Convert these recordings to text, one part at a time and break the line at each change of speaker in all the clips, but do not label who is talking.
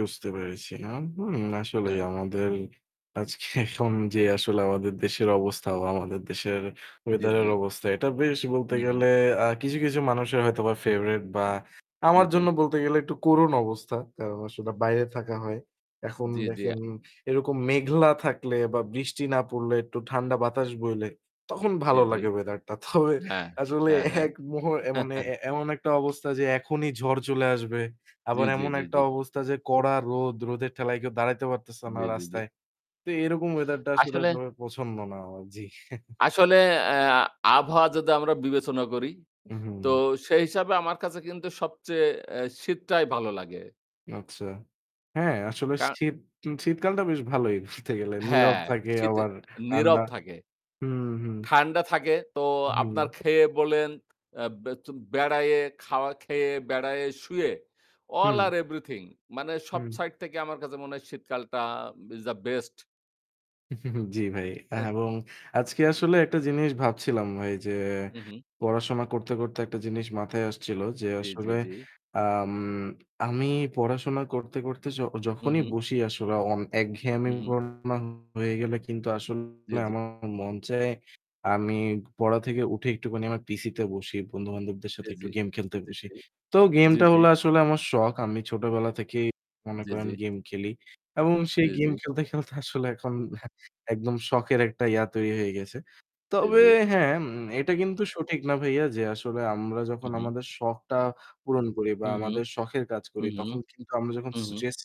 বুঝতে পেরেছি [unintelligible] হুম, আসলেই
অ্যা
আমাদের আজকে এখন যে আসলে আমাদের দেশের অবস্থা বা আমাদের দেশের
জি,
weather
জি।
এর অবস্থা এটা বেশ বলতে
উহু।
গেলে আ কিছু, কিছু মানুষের হয়তোবা favorite বা আমার
জি, জি।
জন্য বলতে গেলে একটু করুণ অবস্থা। কারণ আসলে বাইরে থাকা হয়। এখন
জি, জি
দেখেন
আ
এরকম মেঘলা থাকলে বা বৃষ্টি না পড়লে, একটু ঠান্ডা বাতাস বইলে তখন
জি,
ভালো
জি।
লাগে weather টা। তবে
হ্যাঁ,
আসলে
হ্যাঁ, হ্যাঁ।
এক মুহূ অ্যা মানে এ এমন একটা অবস্থা যে এখনই ঝড় চলে আসবে।
জি,
আবার
জি,
এমন
জি,
একটা
জি।
অবস্থা যে কড়া রোদ, রোদের ঠেলায় কেউ দাঁড়াইতে পারতেছে না
জি, জি, জি।
রাস্তায়। তো এরকম weather টা আসলে
আসলে
তবে পছন্দ না আমার। জি।
আসলে অ্যা আ আবহাওয়া যদি আমরা বিবেচনা করি তো
উহু।
সেই হিসাবে আমার কাছে কিন্তু সবচেয়ে অ্যা শীতটাই ভালো লাগে।
আচ্ছা, হ্যাঁ, আসলে
কা
শীত শীতকালটা বেশ ভালোই বলতে গেলে। নীরব
হ্যাঁ,
থাকে
শীতে
আবার ঠান্ডা
নীরব থাকে,
হুম, হুম।
ঠান্ডা থাকে। তো আপনার
উহু।
খেয়ে বলেন, অ্যা বে ত বেড়ায়ে, খাওয়া খেয়ে, বেড়ায়ে, শুয়ে all
হু।
are everything. মানে সব
হু।
সাইড থেকে আমার কাছে মনে হয় শীতকালটা is the best.
জি ভাই অ্যা
হেহ।
এবং আজকে আসলে একটা জিনিস ভাবছিলাম ভাই যে
উহু।
পড়াশোনা করতে, করতে একটা জিনিস মাথায় আসছিল যে
জি, জি,
আসলে
জি।
আম আমি পড়াশোনা করতে, করতে য-যখনই
উহু।
বসি আসলে অন এক ঘ্যামই
উহু।
পড়াশোনা হয়ে গেল। কিন্তু
জি,
আসলে
জি।
আমার মন চায় আমি পড়া থেকে উঠে একটুখানি আমার PC তে বসি। বন্ধু-বান্ধবদের
জি,
সাথে একটু
জি,
game খেলতে
জি,
বসি।
জি,
তো game
জি,
টা
জি।
হলো আসলে আমার শখ। আমি ছোটবেলা থেকেই মনে
জি,
করেন
জি।
game খেলি এবং
জি,
সেই
জি।
game খেলতে, খেলতে আসলে এখন একদম শখের একটা ইয়া তৈরি হয়ে গেছে।
জি,
তবে
জি।
হ্যাঁ, উম এটা কিন্তু সঠিক না ভাইয়া যে আসলে আমরা যখন
উহু।
আমাদের শখটা পূরণ করি বা
উহু,
আমাদের শখের কাজ করি
উহু,
তখন কিন্তু আমরা যখন
উহু।
stress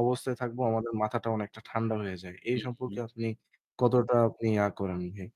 অবস্থায় থাকবো আমাদের মাথাটা অনেকটা ঠান্ডা হয়ে যায়। এই সম্পর্কে
উহু।
আপনি কতটা আপনি ইয়া করেন ভাই?